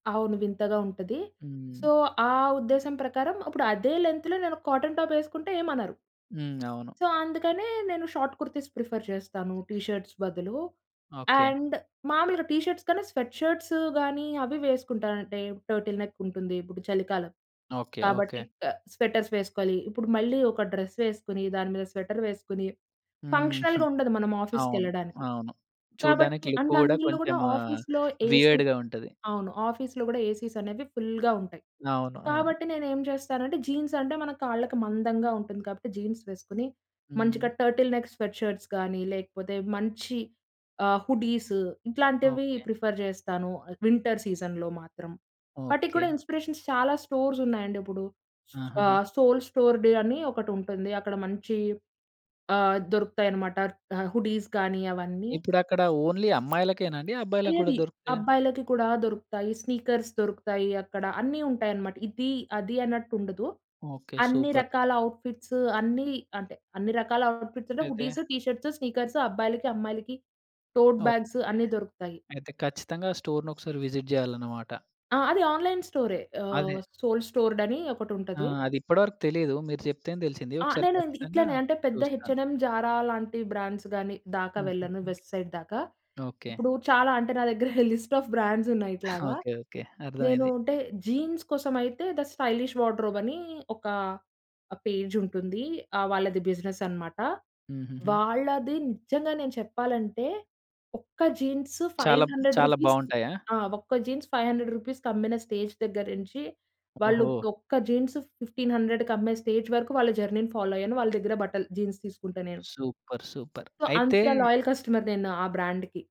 అవును. వింతగా ఉంటది. సో, హ్మ్. ఆ ఉద్దేశం ప్రకారం, ఇప్పుడు అదే లెంత్‌లో నేను ఒక కాటన్ టాపేసుకుంటే ఏమనరు. హ్మ్. అవును. సో, అందుకనే నేను షార్ట్ కుర్తీస్ ప్రిఫర్ చేస్తాను. టీ షర్ట్స్ బదులు. ఓకే. అండ్, మామూలుగా టీ షర్ట్స్ కన్న స్వెట్ షర్ట్స్ గానీ, అవి వేసుకుంటానంటే, టర్టిల్ నెక్కుంటుంది. ఇప్పుడు చలికాలం ఓకే. ఓకే. కాబట్టి, క స్వెటర్స్ వేసుకోవాలి. ఇప్పుడు మళ్ళీ ఒక డ్రెస్ వేసుకొని, దాని మీద స్వెటర్ వేసుకొని, హ్మ్. ఫంక్షనల్‌‌గా ఉండదు మనం అవును. ఆఫీస్‌కెళ్ళడానికి. అవును. కాబట్టి చూడ్డానికి లుక్కు అండ్ కూడా, అందులో కొంచెం కూడా ఆఫీస్‌లో, ఏసీ వియర్డ్‌గా ఉంటది. అవును. ఆఫీస్‌లో గూడా ఏసీసనేవి ఫుల్‌గా ఉంటాయి. అవును. అవును. కాబట్టి నేను ఏం చేస్తానంటే, జీన్స్ అంటే మన కాళ్ళకి మందంగా ఉంటుంది. కాబట్టి, జీన్స్ వేసుకొని, మంచిగా హ్మ్. టర్టిల్ నెక్ స్వెట్ షర్ట్స్ గానీ, లేపోతే మంచి ఆహ్, హుడీస్ ఇట్లాంటివి ఓకే. ప్రిఫర్ జేస్తాను వింటర్ సీజన్‌లో మాత్రం. వాటికి కూడా ఓకే. ఇన్‌స్పిరేషన్స్ చాలా స్టోర్సున్నాయండిప్పుడు. ఆహాహా! ఆహ్, సోల్ స్టోర్‌డే అని ఒకటుంటుంది. అక్కడ మంచి ఆహ్, దొరుకుతాయనమాట ఆహ్, హుడీస్ కానీ అవన్నీ. ఇప్పుడక్కడ ఓన్లీ అమ్మాయిలకేనా అండి? అబ్బాయికి కూడా ఏది, దొరుకుతాయా? అబ్బాయిలకి కూడా దొరుకుతాయి. స్నీకర్స్ దొరుకుతాయి అక్కడ. అన్నీ ఉంటాయనమాట. ఇది, అది అన్నట్టుండదు ఓకే. అన్ని సూపర్. రకాల ఔట్‌ఫిట్స్ అన్ని అంటే, అన్ని రకాల ఔట్‌ఫిట్స్‌లో అయితే హుడీస్, టీ షర్ట్స్, స్నీకర్స్ అబ్బాయిలకి అమ్మాయిలకి టోడ్ బ్యాగ్స్ ఓకే. అన్నీ దొరుకుతాయి. అయితే, ఖచ్చితంగా స్టోర్‌నొకసారి విజిట్ చేయాలనమాట. ఆ! అది ఆన్‌లైన్ స్టోరే. ఆహ్, అదే. సోల్ స్టోర్డని ఆ! ఒకటుంటది. అదిప్పటి వరకు తెలీదు. మీరు చెప్తేనే తెలిసింది. ఆ! ఒకసారి నేను ఇది ఖచ్చితంగా ఇట్లనే అంటే పెద్ద హెచ్ చూస్తాను. అండ్ ఎమ్, జారా లాంటి బ్రాండ్స్ గానీ, దాకా వెళ్ళను. హుహు. వెస్ట్ సైడ్ దాకా. ఓకే. ఇప్పుడు చాలా అంటే, నా దగ్గర లిస్ట్ ఆఫ్ బ్రాండ్సున్నాయి ఇట్లాగా. ఓకే. ఓకే. నేను అర్ధమైంది. అంటే జీన్స్ కోసమైతే థ స్టైలిష్ వార్డ్‌రోబ్ అని ఒక ఆహ్, పేజ్ ఉంటుంది. ఆహ్, వాళ్ళది బిజినెస్ అనమాట. హుహుహు. వాళ్ళది నిజంగా నేను చెప్పాలంటే, ఒక్క జీన్స్ ఫైవ్ చాలబ్ హండ్రెడ్ చాలా రూపీస్ బాగుంటాయా? ఆ! ఒక్క జీన్స్ రూ. 500 కమ్మిన స్టేజ్ దగ్గర నించి, ఓహో! వాళ్ళిపుడు ఒక్క జీన్స్ 1500కి అమ్మే స్టేజ్ వరకు వాళ్ళ జర్నీ‌ని ఫాలో అయ్యాను. వాళ్ళ దగ్గర బట్టలు జీన్స్ తీసుకుంటా నేను. సూపర్! సూపర్! సో, అయితే అంత లాయల్ కస్టమర్‌ని నేను ఆ బ్రాండ్‌కి.